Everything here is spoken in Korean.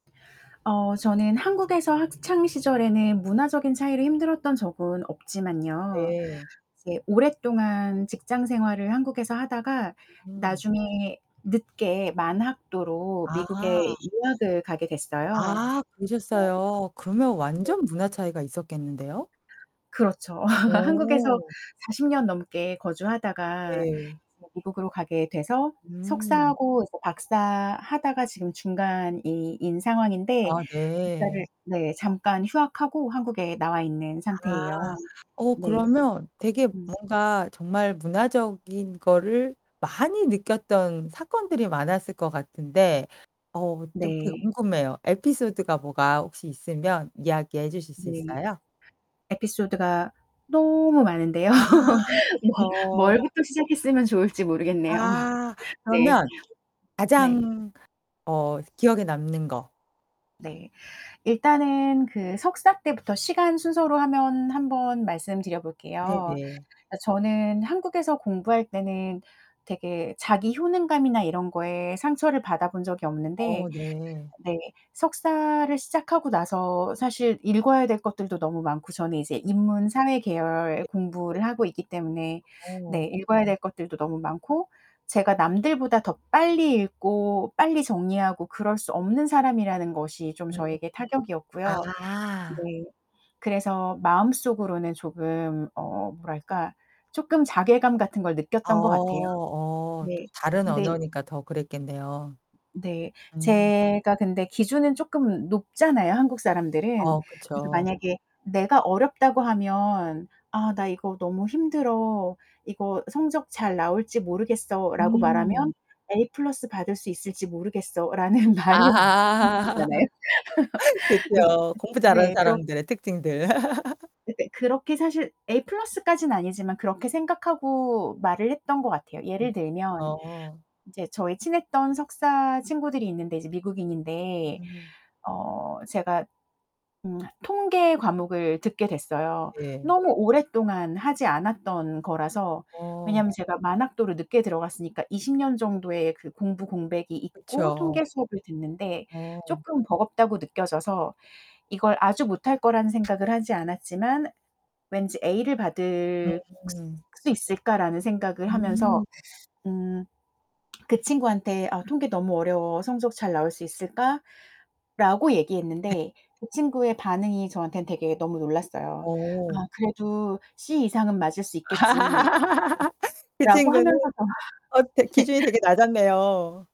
어 저는 한국에서 학창시절에는 문화적인 차이로 힘들었던 적은 없지만요. 네. 이제 오랫동안 직장 생활을 한국에서 하다가 음. 나중에 늦게 만학도로 미국에 아. 유학을 가게 됐어요. 아 뭐 그러셨어요. 그러면 네. 완전 문화 차이가 있었겠는데요? 그렇죠. 한국에서 오. 40 년 넘게 거주하다가 네. [unintelligible] 미국으로 가게 돼서 음. 석사하고 그리고 박사하다가 지금 중간인 상황인데 아 네. 박사를 네. 잠깐 휴학하고 한국에 나와 있는 상태예요. 아. 어 네. 그러면 되게 음. 뭔가 정말 문화적인 거를 많이 느꼈던 사건들이 많았을 것 같은데 어 좀 되게 네. 궁금해요. 에피소드가 뭐가 혹시 있으면 이야기해 주실 수 네. 있어요? 에피소드가 너무 많은데요. 아 뭐 그쵸. 뭘부터 시작했으면 좋을지 모르겠네요. 아 네. 그러면 네. 가장 어 기억에 남는 거. 네. 일단은 그 석사 때부터 시간 순서로 하면 한번 말씀 드려볼게요. 네네. 그러니까 저는 한국에서 공부할 때는 되게 자기 효능감이나 이런 거에 상처를 받아 본 적이 어 없는데 네. 네 석사를 시작하고 나서 사실 읽어야 될 것들도 너무 많고 저는 이제 음. 인문 사회 계열 네. 공부를 하고 있기 때문에 어. 네 읽어야 될 것들도 너무 많고. 제가 남들보다 더 빨리 읽고 빨리 정리하고 그럴 수 없는 사람이라는 것이 좀 음. 저에게 아. 타격이었고요. 네. 그래서 마음속으로는 조금 어 뭐랄까. 쪼끔 자괴감 같은 걸 어 느꼈던 것 같아요. 어 또 네. 다른 근데 언어니까 더 그랬겠네요. 네. 음. 제가 근데 기준은 쪼끔 높잖아요 한국 사람들은. 어 그래서 그쵸. 만약에 내가 어렵다고 하면 "아 나 이거 너무 힘들어. 이거 성적 잘 나올지 모르겠어."라고 말하면 음. "A 플러스 받을 수 있을지 모르겠어."라는 말이 [unintelligible] 아. 잖아요. 네. 그쵸. 공부 잘하는 네. 그렇 사람들의 특징들. 근데 그렇게 사실 A 플러스까지는 아니지만 그렇게 생각하고 말을 했던 것 같아요. 예를 들면 어. 이제 저희 친했던 석사 친구들이 있는데 이제 미국인인데 음. 어 제가 음 통계 과목을 듣게 됐어요. 예. 너무 오랫동안 하지 않았던 거라서. 어. 왜냐면 제가 만학도로 늦게 들어갔으니까 20 년 정도의 그 공부 공백이 있고 그쵸. 통계 수업을 듣는데 어. 쪼끔 버겁다고 느껴져서 이걸 아주 못할 거라는 생각을 하지 않았지만 왠지 'A를 받을 음. 수 있을까?'라는 생각을 하면서 음. 음 그 친구한테 "아 통계 너무 어려워 성적 잘 나올 수 있을까?"라고 네. 얘기했는데 그 친구의 반응이 저한텐 되게 너무 놀랐어요. "아 어. 그래도 C 이상은 맞을 수 있겠지." 그 라고 친구는 하면서 어 되 기준이 되게 낮았네요.